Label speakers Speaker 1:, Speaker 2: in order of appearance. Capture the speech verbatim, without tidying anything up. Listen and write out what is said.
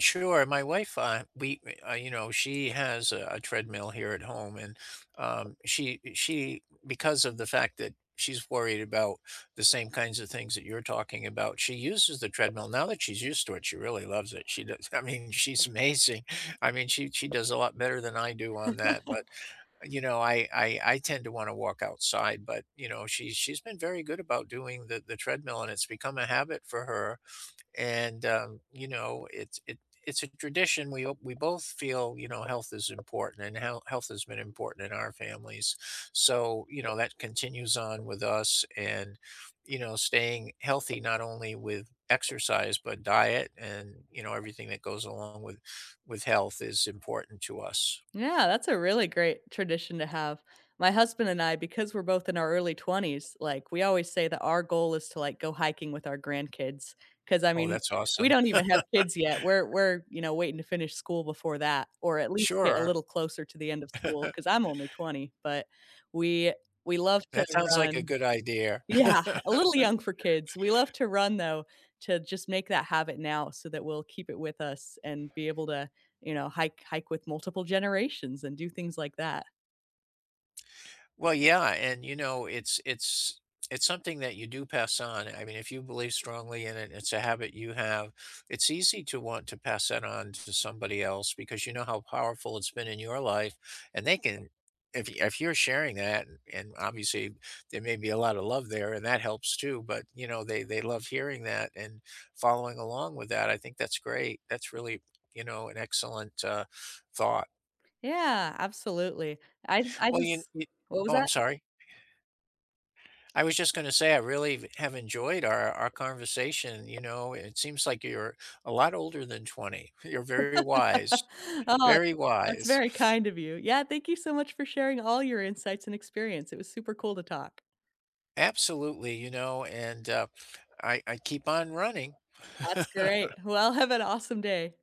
Speaker 1: Sure, my wife, uh we me uh, you know, she has a a treadmill here at home, and, um, she eh, she because of the fact that she's worried about the same kinds of things that you're talking about, she uses the treadmill now that she's used to it, she really loves it, she does I mean, she's amazing. I mean, she she does a lot better than I do on that, but, uh, you know, I I I tend to wanna walk outside, but, you know, she's she's been very good about doing the the treadmill and it's become a habit for her, and, um, you know, it's it it's a tradition we o we both feel, you know, health is important and how health has been important in our families. So, you know, that continues on with us, and, you know, staying healthy not only with exercise, but diet and, you know, everything that goes along with with health is important to us.
Speaker 2: Yeah, that's a really great tradition to have. My husband and I because we're both in our early twenties, like, we always say that our goal is to, like, go hiking with our grandkids, 'cause, I
Speaker 1: Oh,
Speaker 2: mean,
Speaker 1: that's
Speaker 2: we
Speaker 1: awesome.
Speaker 2: don't even have kids yet, we're we're, you know, waiting to finish school before that, or at least get a
Speaker 1: Sure.
Speaker 2: little closer to the end of school, 'cause I'm only twenty, but we we love to
Speaker 1: That sounds like a
Speaker 2: run
Speaker 1: good idear.
Speaker 2: Yeah, a little young for kids. We love to run though, to just make that habit now, so that we'll keep it with us, and be able to, you know, hike hike with multiple generations and do things like that.
Speaker 1: Well, yeah, and, you know, it's it's it's something that you do pass on, I mean, if you believe strongly in it, it's a habit you have, it's easy to want to pass that on to somebody else because you know how powerful it's been in your life, and they can if y if you're sharing that, and, obviously, there may be a lotta love there, and that helps too, but, you know, they they love hearing that and following along with that, I think that's great. That's really, you know, an excellent, uh, thought.
Speaker 2: Yeah. Absolutely. I th I
Speaker 1: Well, you in
Speaker 2: just
Speaker 1: i
Speaker 2: What was
Speaker 1: Oh, I'm
Speaker 2: that?
Speaker 1: sorry I was just gonna say I really v have enjoyed our our conversation, you know, it seems like you're a lot older than twenty. You're very wise.
Speaker 2: Aw,
Speaker 1: Very
Speaker 2: that's
Speaker 1: wise.
Speaker 2: very kind of you. Yeah, thank you so much for sharing all your insights and experience; it was super cool to talk.
Speaker 1: Absolutely, you know, and, uh, I I keep on running.
Speaker 2: That's great. Well, have an awesome day.